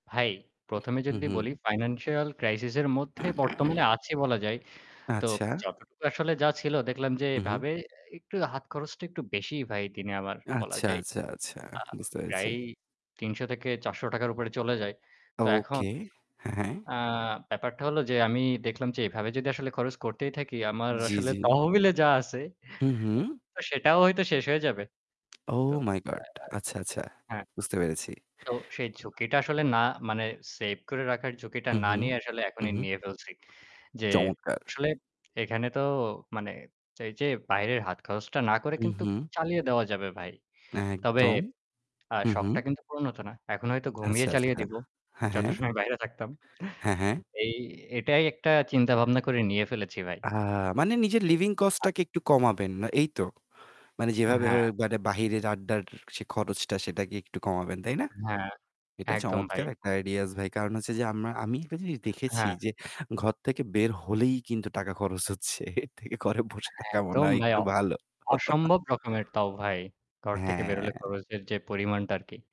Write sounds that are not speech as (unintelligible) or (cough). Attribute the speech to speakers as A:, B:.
A: ভাই, ১ম এ
B: হু,
A: যদি বলি
B: হু।
A: financial crisis এর মধ্যে বর্তমানে
B: (clears throat)
A: আছি বলা যায়। তো
B: আচ্ছা।
A: যতটুকু আসলে যা ছিল দেখলাম যে
B: হু, হু।
A: এভাবে এ একটু হাত খরচটা একটু বেশিই ভাই দিনে আমার বলা
B: আচ্ছা,
A: যায়।
B: আচ্ছা, আচ্ছা
A: আ
B: বুঝতে পেরেছি।
A: প্রায় ৳৩০০-৳৪০০ র উপরে চলে যায়। তো এখন
B: okay। হ্যাঁ।
A: আ ব্যাপারটা হলো যে আমি দেখলাম যে এভাবে যদি আসলে খরচ করতেই থাকি আমার
B: জি,
A: আসলে
B: জি।
A: তহবিলে যা আছে, (chuckles)
B: হু, হু।
A: তো সেটাও হয়তো শেষ হয়ে যাবে। তো
B: ওহ
A: (unintelligible)
B: my god! আচ্ছা, আচ্ছা
A: হ্যাঁ।
B: বুঝতে পেরেছি।
A: তো সেই ঝুঁকিটা আসলে না মানে save করে রাখার ঝুঁকিটা
B: হু,
A: না
B: হু।
A: নিয়ে আসলে
B: হু,
A: এখনই
B: হু।
A: নিয়ে ফেলছি। যে
B: চমৎকার!
A: আসলে এখানে তো মানে এইযে বাইরের হাত খরচটা না করে
B: হু,
A: কিন্তু ক
B: হু।
A: চালিয়ে দেওয়া যাবে ভাই। তবে
B: একদম।
A: আ
B: হু,
A: শখটা
B: হু।
A: কিন্তু পূরণ হতো না। এখন হয়তো ঘুমিয়ে
B: আচ্ছা,
A: চালিয়ে
B: আচ্ছা।
A: দিব,
B: হ্যাঁ।
A: যত
B: হ্যাঁ।
A: সময় বাইরে থাকতাম।
B: হ্যাঁ, হ্যাঁ।
A: (chuckles) এই এটাই একটা চিন্তাভাবনা করে নিয়ে ফেলেছি ভাই।
B: আ মানে নিজের living cost
A: (unintelligible)
B: টাকে একটু কমাবেন বা এই তো। মানে যেভাবে
A: হ্যাঁ।
B: বাইরে আড্ডার সে খরচটা সেটাকে একটু কমাবেন, তাই না?
A: হ্যাঁ,
B: এটা
A: একদম ভাই।
B: চমৎকার একটা ideas ভাই। কারণ হচ্ছে যে আমরা আমি একটা জিনিস দেখেছি
A: হ্যাঁ।
B: যে ঘর থেকে বের হলেই কিন্তু টাকা খরচ হচ্ছে। এর থেকে ঘরে বসে থাকা মনে
A: একদম
B: হয়
A: ভাই,
B: একটু
A: অ
B: ভালো। (chuckles)
A: অসম্ভব রকমের তাও ভাই। ঘর থেকে বের হলে
B: হ্যাঁ।
A: খরচের যে পরিমাণটা আরকি।